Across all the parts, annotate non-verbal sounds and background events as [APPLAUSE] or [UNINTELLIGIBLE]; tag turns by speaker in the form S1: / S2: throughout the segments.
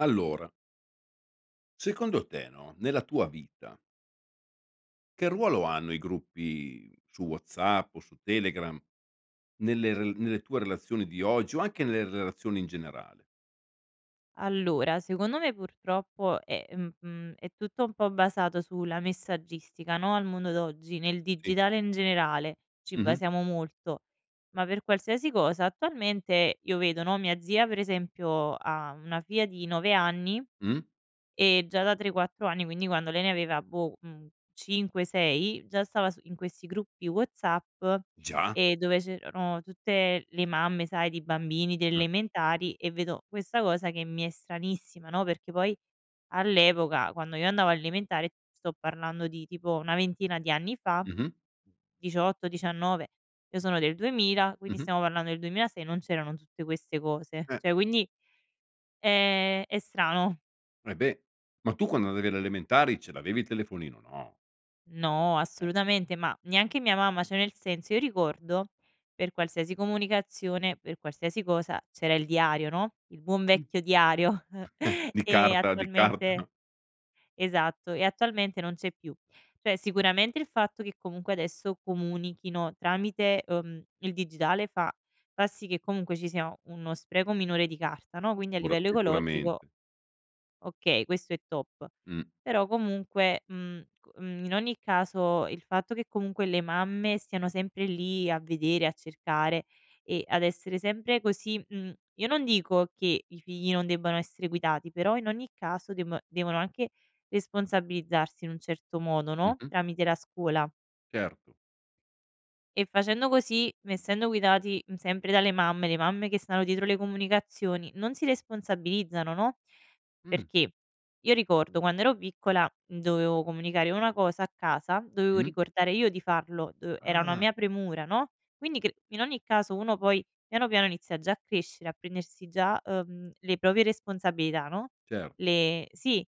S1: Allora secondo te, no, nella tua vita che ruolo hanno i gruppi su WhatsApp o su Telegram nelle r nelle tue relazioni di oggi o anche nelle relazioni in generale?
S2: Allora, secondo me, purtroppo, è mhmm, è tutto un po' basato sulla messaggistica, no, al mondo d'oggi, nel
S1: Sì.
S2: digitale in generale, ci
S1: Mh-mh.
S2: basiamo molto, ma per qualsiasi cosa. Attualmente io vedo, no, mia zia, per esempio, ha una figlia di 9 anni
S1: Mh.
S2: e già da 3-4 anni, quindi quando lei ne aveva, boh, mhmm, 5-6, già stava su in questi gruppi WhatsApp,
S1: Già?
S2: ehm, dove c'erano tutte le mamme, sai, di bambini, delle
S1: Mh.
S2: elementari e vedo questa cosa che mi è stranissima, no, perché poi, all'epoca, quando io andavo alle elementari, sto parlando di, tipo, una ventina di anni fa,
S1: Mh-mh.
S2: 18-19, io sono del 2000 quindi
S1: Mh-mh.
S2: stiamo parlando del 2006, non c'erano tutte queste cose,
S1: Eh.
S2: cioè quindi è è strano.
S1: Eh beh, ma tu quando andavi alle elementari ce l'avevi il telefonino? No.
S2: No,
S1: Eh.
S2: assolutamente, ma neanche mia mamma. Cioè, nel senso, io ricordo per qualsiasi comunicazione, per qualsiasi cosa c'era il diario, no, il buon
S1: Mh.
S2: vecchio diario
S1: [CHUCKLES]
S2: [CHUCKLES]
S1: Di
S2: e
S1: carta, di carta.
S2: attualmente esatto e attualmente non c'è più. Cioè sicuramente il fatto che comunque adesso comunichino tramite, uhm, il digitale fa fa sì che comunque ci sia uno spreco minore di carta no, quindi a
S1: Ora
S2: livello ecologico
S1: sicuramente.
S2: okay, questo è top.
S1: Mh.
S2: Però, comunque, mhmm, c mhmm, in ogni caso il fatto che comunque le mamme siano sempre lì a vedere, a cercare e ad essere sempre così mhmm, io non dico che i figli non debbano essere guidati, però in ogni caso deb devono anche responsabilizzarsi in un certo modo, no,
S1: Mh-mh.
S2: tramite la scuola.
S1: Certo.
S2: E facendo così, essendo guidati, mhmm, sempre dalle mamme, le mamme che stanno dietro le comunicazioni, non si responsabilizzano, no?
S1: Mh.
S2: Perché io ricordo, quando ero piccola, mhmm, dovevo comunicare una cosa a casa, dovevo
S1: Mh.
S2: ricordare io di farlo, uhm, era una
S1: Ah!
S2: mia premura, no, quindi cr in ogni caso, uno poi piano piano inizia già a crescere a prendersi già, uhm, le proprie responsabilità, no,
S1: Cer
S2: le sì,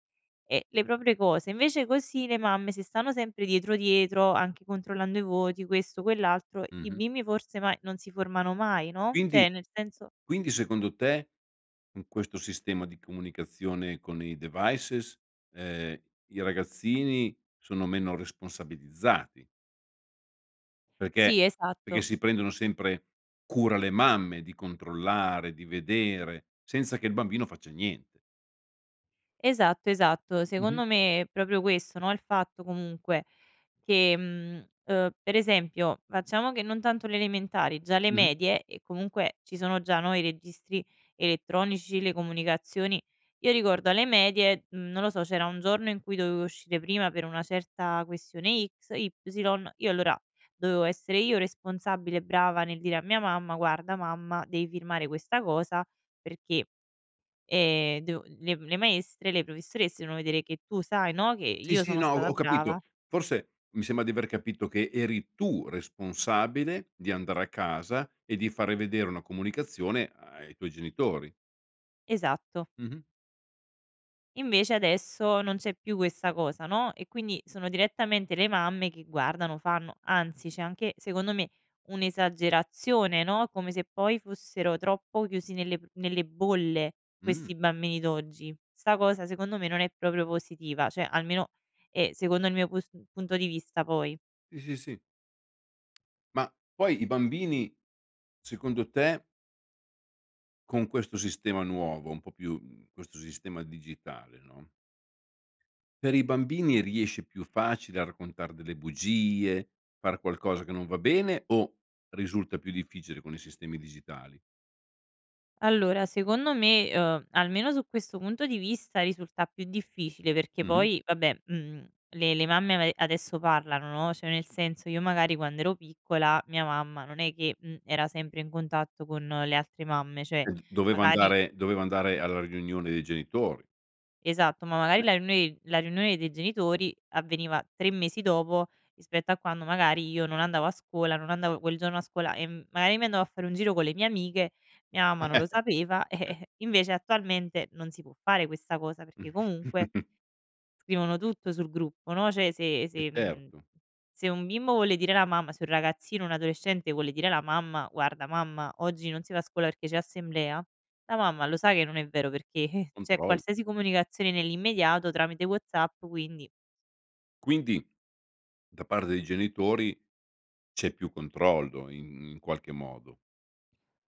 S2: uhm, le proprie cose. Invece, così, le mamme se stanno sempre dietro, dietro anche controllando i voti, questo, quell'altro i
S1: Mh-mh.
S2: bimbi forse ma non si formano mai, no,
S1: Quindi
S2: cioè nel senso
S1: quindi, secondo te, con questo sistema di comunicazione con i devices ehm, i ragazzini sono meno responsabilizzati perché
S2: Sì,
S1: perché
S2: esatto.
S1: si prendono sempre cura le mamme di controllare, di vedere, senza che il bambino faccia niente.
S2: Esatto, esatto,
S1: Mh-mh.
S2: secondo me, è proprio questo, no, il fatto comunque: che, mhmm, ehm, per esempio, facciamo che non tanto le elementari, già le
S1: Mh-mh.
S2: medie. E comunque ci sono già, no, i registri elettronici, le comunicazioni. Io ricordo alle medie, non lo so, c'era un giorno in cui dovevo uscire prima per una certa questione X, Y, io allora dovevo essere io responsabile brava nel dire a mia mamma: "Guarda mamma, devi firmare questa cosa perché, ehm, devo le le maestre, le professoresse devono vedere che tu sai, no, che
S1: Sì,
S2: io
S1: sì,
S2: sono
S1: no,
S2: stata
S1: ho capito.
S2: brava".
S1: Forse, mi sembra di aver capito che eri tu responsabile di andare a casa e di fare vedere una comunicazione ai tuoi genitori.
S2: Esatto.
S1: Mh-mh.
S2: Invece adesso non c'è più questa cosa, no; e quindi sono direttamente le mamme che guardano, fanno anzi, c'è anche secondo me un'esagerazione, no, come se poi fossero troppo chiusi nelle pr nelle bolle
S1: Mh.
S2: questi bambini d'oggi. 'Sta cosa secondo me non è proprio positiva; cioè, almeno è secondo il mio pus punto di vista, poi.
S1: Sì, sì, sì. Ma poi i bambini, secondo te con questo sistema nuovo un po' più, mhmm, questo sistema digitale, no per i bambini riesce più facile a raccontar delle bugie, far qualcosa che non va bene o risulta più difficile con i sistemi digitali?
S2: Allora secondo me, ehm, almeno su questo punto di vista risulta più difficile perché
S1: Mh-mh.
S2: poi vabbè, mhmm, le le mamme a me adesso parlano, no; cioè, nel senso io magari quand'ero piccola, mia mamma non è che, mhmm, era sempre in contatto con le altre mamme; cioè,
S1: Ehm, doveva
S2: magari
S1: andare doveva andare alla riunione dei genitori.
S2: Esatto, ma magari
S1: Beh
S2: la riunione la riunione dei genitori avveniva 3 mesi dopo rispetto a quando magari io non andavo a scuola, non andavo quel giorno a scuola e magari mi andavo a fare un giro con le mie amiche, mia mamma non lo
S1: [CHUCKLES]
S2: sapeva,
S1: Eh.
S2: eh invece attualmente non si può fare questa cosa, perché comunque
S1: [CHUCKLES]
S2: scrivono tutto sul gruppo, no; cioè se
S1: Eh,
S2: se, mhmm,
S1: certo.
S2: se un bimbo vuole dire alla mamma se un ragazzino, un adolescente vuole dire la mamma: "Guarda mamma, oggi non si va a scuola perché c'è assemblea", la mamma lo sa che non è vero perché [CHUCKLES] c'è
S1: Control
S2: qualsiasi comunicazione nell'immediato tramite WhatsApp, quindi
S1: Quindi da parte dei genitori c'è più controllo in in qualche modo.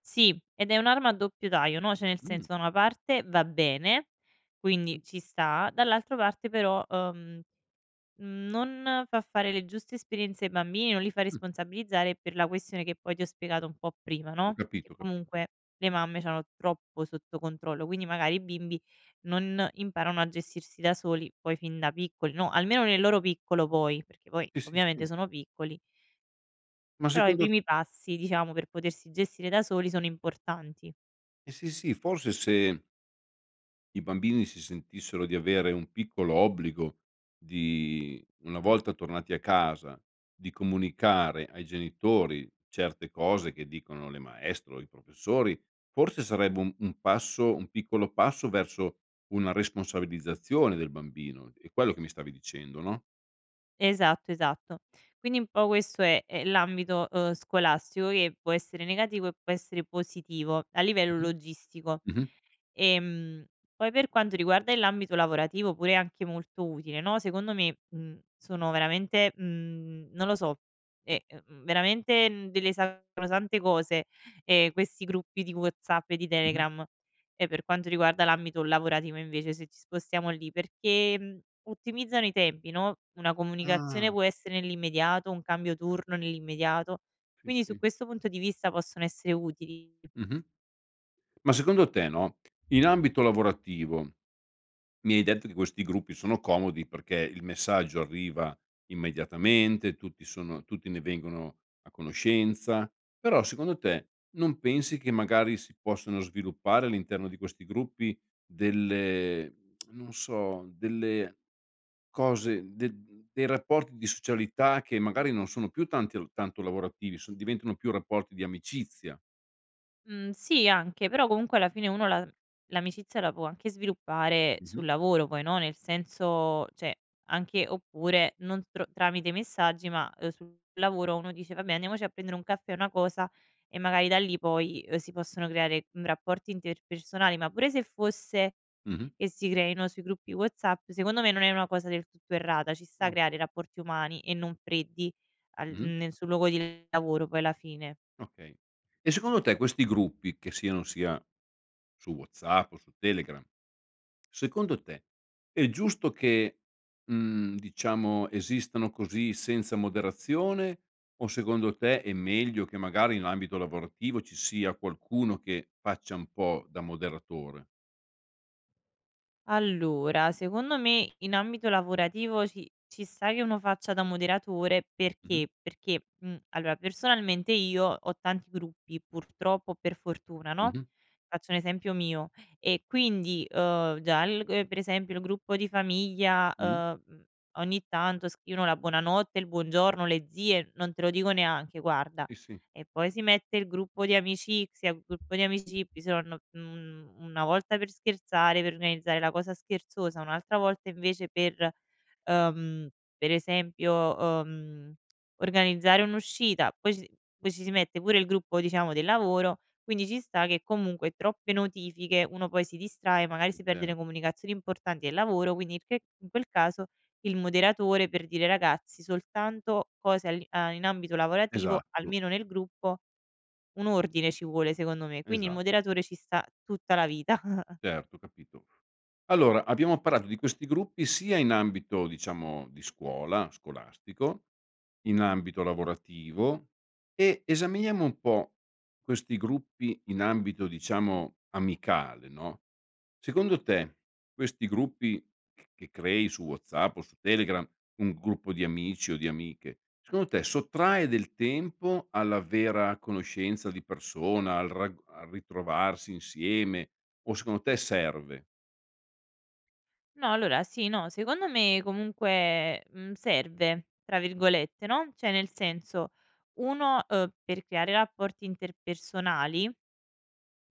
S2: Sì, ed è un'arma a doppio taglio, no; cioè nel
S1: Mh.
S2: senso da una parte va bene, quindi
S1: Mh.
S2: ci sta, dall'altra parte però, uhm, mhmm, non fa fare le giuste esperienze ai bambini, non li fa
S1: Mh.
S2: responsabilizzare per la questione che poi ti ho spiegato un po' prima,
S1: Ho
S2: no: che
S1: capito, ho capito.
S2: comunque le mamme c'hanno troppo sotto controllo, quindi magari i bimbi non imparano a gestirsi da soli poi fin da piccoli, no, almeno nel loro piccolo poi, perché poi
S1: Sì, sì,
S2: ovviamente
S1: sì.
S2: sono piccoli.
S1: Ma
S2: Però i
S1: secondo
S2: primi passi, diciamo, per potersi gestire da soli sono importanti.
S1: Eh sì, sì, forse se i bambini si sentissero di avere un piccolo obbligo di una volta tornati a casa, di comunicare ai genitori certe cose che dicono le maestre o i professori, forse sarebbe un un passo un piccolo passo verso una responsabilizzazione del bambino, è quello che mi stavi dicendo, no?
S2: Esatto, esatto. Quindi un po' questo è è l'ambito, uhm, scolastico che può essere negativo e può essere positivo a livello
S1: Mh-mh.
S2: logistico.
S1: Mh-mh.
S2: Ehm, poi per quanto riguarda l'ambito lavorativo pure anche molto utile, no: secondo me, mhmm, sono veramente, mhmm non lo so, è, e ehm, veramente, mhmm, delle sacrosante cose, ehm, questi gruppi di WhatsApp e di
S1: Mh-mh.
S2: Telegram e per quanto riguarda l'ambito lavorativo invece se ci spostiamo lì, perché ottimizzano i tempi, no: una comunicazione
S1: Ah.
S2: può essere nell'immediato, un cambio turno nell'immediato.
S1: Sì,
S2: Quindi, su
S1: sì.
S2: questo punto di vista, possono essere utili.
S1: Mh-mh. Ma secondo te, no, in ambito lavorativo, mi hai detto di questi gruppi, sono comodi perché il messaggio arriva immediatamente, tutti sono tutti ne vengono a conoscenza, però, secondo te, non pensi che magari si possano sviluppare all'interno di questi gruppi delle [SMACKS LIPS] non so, delle cose, mhmm de mhmm, dei rapporti di socialità che magari non sono più tanti tanto lavorativi, son diventano più rapporti di amicizia.
S2: Mh, sì anche, però comunque alla fine uno la l'amicizia la può anche sviluppare
S1: Mh-mh.
S2: sul lavoro. Poi no, nel senso cioè, anche oppure non tro tramite messaggi, ma, ehm, sul lavoro uno dice: "Vabbè, andiamoci a prendere un caffè, una cosa", e magari da lì poi, uhm, si possono creare, mhmm, rapporti interpersonali. Ma pure se fosse
S1: Mh-mh.
S2: e si creino sui gruppi WhatsApp, secondo me non è una cosa del tutto errata, ci sta
S1: Ah.
S2: creare rapporti umani e non freddi al
S1: Mh-mh.
S2: nel sul luogo di lavoro poi, alla fine.
S1: Okay. E secondo te questi gruppi che siano sia su WhatsApp o su Telegram secondo te è giusto che, mhmm, diciamo, esistano così senza moderazione, o secondo te è meglio che, magari in ambito lavorativo, ci sia qualcuno che faccia un po' da moderatore?
S2: Allora, secondo me in ambito lavorativo ci ci sta che uno faccia da moderatore,
S1: Mh-mh.
S2: perché? Perché, mhmm, allora, personalmente, io ho tanti gruppi, purtroppo o per fortuna, no,
S1: Mh-mh.
S2: faccio un esempio mio e quindi, ehm, già il gu per esempio il gruppo di famiglia,
S1: Mh.
S2: ehm, mhmm, ogni tanto scrivono la buonanotte, il buongiorno, le zie, non te lo dico neanche, guarda.
S1: Sì, sì.
S2: E poi si mette il gruppo di amicizie, gruppo di amici, [UNINTELLIGIBLE] un una volta per scherzare, per organizzare la cosa scherzosa, un'altra volta invece per, ehm, per esempio, ehm, organizzare un'uscita. Poi ci poi ci si mette pure il gruppo, diciamo, del lavoro, quindi ci sta che comunque, troppe notifiche, uno poi si distrae, magari
S1: Sì,
S2: si perde le
S1: certo.
S2: comunicazioni importanti del lavoro. Quindi il che in quel caso, il moderatore, per dire: “Ragazzi, soltanto cose all'i a in ambito lavorativo”,
S1: Esatto.
S2: almeno nel gruppo, un ordine ci vuole, secondo me, quindi il
S1: Esa
S2: moderatore ci sta tutta la vita. [CHUCKLES]
S1: Certo, capito. Allora, abbiamo parlato di questi gruppi sia in ambito diciamo di scuola, scolastico, in ambito lavorativo e esaminiamo un po' questi gruppi in ambito diciamo amicale, no, secondo te, questi gruppi c che crei su WhatsApp o su Telegram, un gruppo di amici o di amiche, secondo te sottrae del tempo alla vera conoscenza di persona al rag al ritrovarsi insieme o secondo te serve?
S2: No allora sì, no secondo me, comunque, mhmm, "serve", tra virgolette, no, cioè nel senso uno, ehm, per creare rapporti interpersonali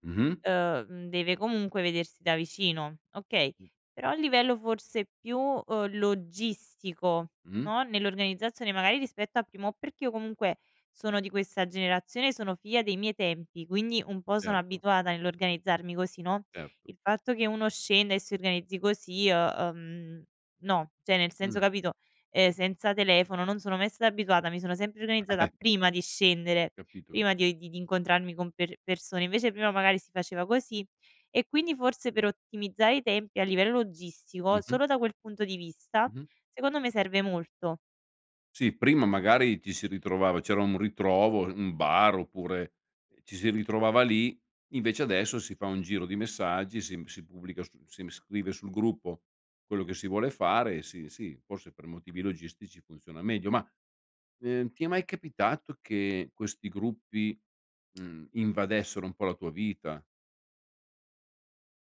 S1: Mh-mh.
S2: ehm, mhmm, deve comunque vedersi da vicino, okay,
S1: Mh.
S2: però a livello forse più, uhm, logistico,
S1: Mh.
S2: no, nell'organizzazione, magari rispetto al primo, perché io comunque sono di questa generazione, sono figlia dei miei tempi, quindi un po' sono
S1: Certo.
S2: abituata nell'organizzarmi così, no,
S1: Certo.
S2: il fatto che uno scenda e si organizzi così, uhm, uhm, no, cioè nel senso,
S1: Mh.
S2: capito, ehm, senza telefono non sono mai stata abituata, mi sono sempre organizzata
S1: [GIGGLES]
S2: prima di scendere,
S1: Capito, ca
S2: prima di di di incontrarmi con per persone, invece prima magari si faceva così e quindi forse per ottimizzare i tempi, a livello logistico,
S1: Mh-mh.
S2: solo da quel punto di vista,
S1: Mh-mh.
S2: secondo me serve molto.
S1: Sì, prima magari ti si ritrovava c'era un ritrovo, un bar oppure, ehm, ci si ritrovava lì, invece adesso si fa un giro di messaggi, si m si pubblica su si m scrive sul gruppo quello che si vuole fare e sì, sì, forse per motivi logistici funziona meglio ma, ehm, ti è mai capitato che questi gruppi, mhmm, invadessero un po' la tua vita?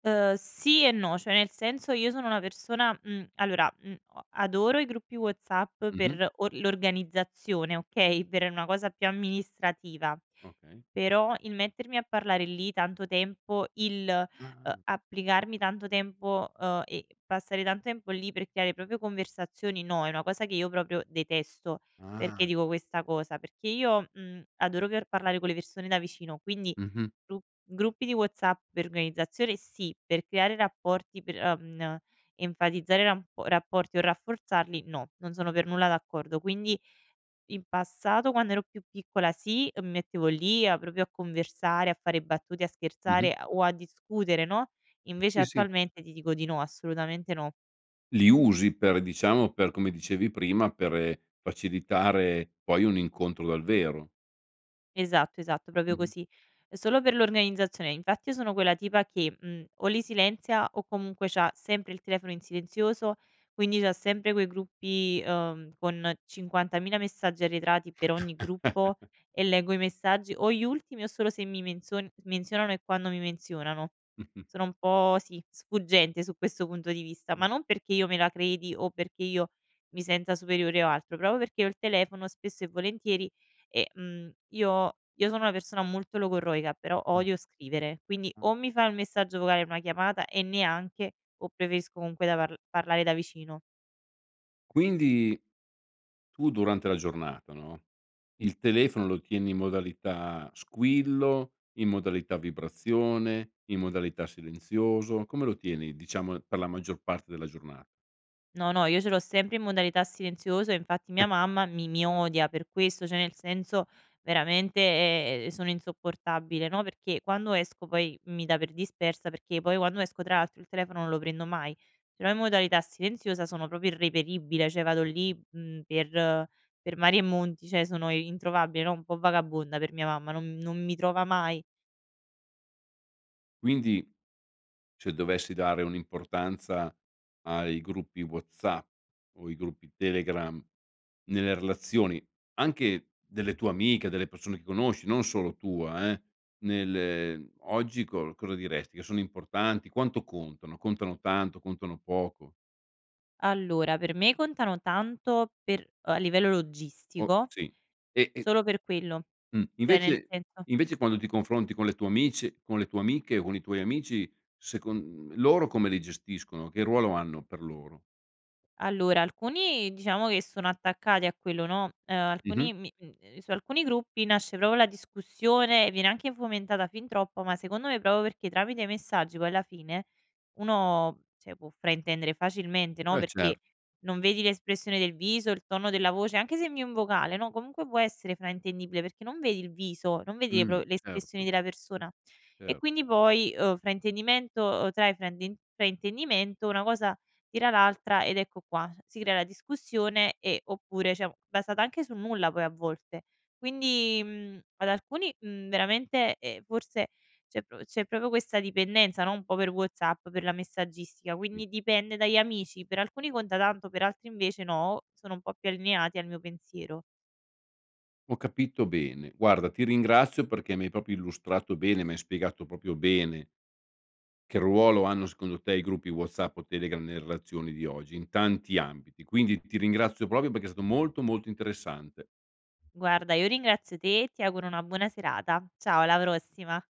S2: Ehm, sì e no, cioè nel senso io sono una persona, mhmm, allora, mhmm, o adoro i gruppi WhatsApp
S1: Mh mh.
S2: per or l'organizzazione, okay, per una cosa più amministrativa,
S1: Okay.
S2: però il mettermi a parlare lì tanto tempo, il,
S1: Ah
S2: uhm,
S1: ah.
S2: applicarmi tanto tempo, ehm, e passare tan tempo lì per creare proprio conversazioni, no, è una cosa che io proprio detesto. Perché
S1: Ah.
S2: dico questa cosa? Perché io, mhmm, adoro per parlare con le persone da vicino, quindi
S1: Mh mh.
S2: gru gruppi di WhatsApp per organizzazione sì, per creare rapporti, per, ehm, n enfatizzare rap rapporti o rafforzarli, no, non sono per nulla d'accordo, quindi in passato, quando ero più piccola, sì, mi mettevo lì a proprio a conversare, a fare battute, a
S1: Mh mh.
S2: scherzare, ehm, o a discutere, no, invece
S1: Mh sì sì.
S2: attualmente ti dico di no, assolutamente no.
S1: Li usi per diciamo per, come dicevi prima, per facilitare poi un incontro dal vero.
S2: Esatto, esatto,
S1: Mh
S2: proprio
S1: mh.
S2: così, è solo per l'organizzazione. Infatti io sono quella tipa che, mhmm, o li silenzia o comunque c'ha sempre il telefono in silenzioso, quindi c'ha sempre quei gruppi, ehm, con 50000 messaggi arretrati per ogni gruppo
S1: [CHUCKLES]
S2: e leggo i messaggi o gli ultimi o solo se mi menzion s menzionano e quando mi menzionano.
S1: [SNORTS]
S2: Sono un po', sì, sfuggente su questo punto di vista,
S1: Mh.
S2: ma non perché io me la credi o perché io mi senta superiore o altro, proprio perché ho il telefono spesso e volentieri e, mhmm, io io sono una persona molto logorroica però
S1: Ah.
S2: odio scrivere, quindi
S1: Ah.
S2: o mi fai un messaggio vocale, una chiamata e neanche, o preferisco comunque da parl parlare da vicino.
S1: Quindi, tu durante la giornata, no, il telefono lo tieni in modalità squillo, in modalità vibrazione, in modalità silenzioso, come lo tieni? Diciamo, per la maggior parte della giorna
S2: No, no, io ce l'ho sempre in modalità silenziosa, infatti mia
S1: [GIGGLES]
S2: mamma mi mi odia per questo, cioè nel senso veramente, ehm, sono insopportabile, no, perché quando esco poi mi dà per dispersa, perché io poi quando esco, tra l'altro, il telefono non lo prendo mai. Ce l'ho in modalità silenziosa, sono proprio irreperibile. Cioè vado
S1: Mh mh.
S2: lì, mhmm, per per mari e monti, cioè sono i introvabile, no, un po' vagabonda, per mia mamma non non mi trova mai.
S1: Quindi, cioè dovessi dare un'importanza ai gruppi WhatsApp o i gruppi Telegram nelle relazioni, anche delle tue amiche, delle persone che conosci, non solo tua eh, nel, ehm, oggi co cosa diresti? Che sono importanti, quanto contano? Contano tanto? Contano poco?
S2: Allora, per me contano tanto per a livello
S1: Oh
S2: logistico.
S1: sì, e e
S2: Solo per quello,
S1: Mh,
S2: cioè nel
S1: invece
S2: senso
S1: invece quando ti confronti con le tue amici con le tue amiche o con i tuoi amici, secon loro come li gestiscono, che ruolo hanno, per loro?
S2: Allora alcuni, diciamo che sono attaccati a quello, no, ehm,
S1: Mh mh.
S2: alcuni mi mhmm, ehm, su alcuni gruppi nasce proprio la discussione, viene anche fomentata fin troppo, ma secondo me proprio perché tramite i messaggi poi alla fine uno, cioè, può fraintendere facilmente, no,
S1: E
S2: perché
S1: cer
S2: non vedi l'espressione del viso, il tono della voce, anche se invii un vocale, no, comunque può essere fraintendibile perché non vedi il viso, non vedi le pro
S1: Mh,
S2: le espressioni
S1: certo.
S2: della persona e
S1: Cer
S2: quindi poi, uhm, fraintendimento trae frainden fraintendimento, una cosa tira l'altra ed ecco qua. S si crea la discussione e oppure, cioè, basata anche sul nulla poi a volte. Quindi, mhmm, ad alcuni, mhmm, veramente, ehm, forse c'è pro c'è proprio questa dipendenza, no, un po' per WhatsApp, per la messaggistica,
S1: Mh.
S2: quindi dipende dagli amici: per alcuni conta tanto, per altri invece no, sono un po' più allineati al mio pensiero.
S1: Ho capito bene. Guarda ti ringrazio perché mi hai proprio illustrato bene, mi hai spiegato proprio bene che ruolo hanno secondo te i gruppi WhatsApp o Telegram nelle relazioni di oggi, in tanti ambiti. Quindi ti ringrazio proprio perché è stato molto, molto interessante.
S2: Guarda io ringrazio te e ti auguro una buona serata. Ciao, alla prossima.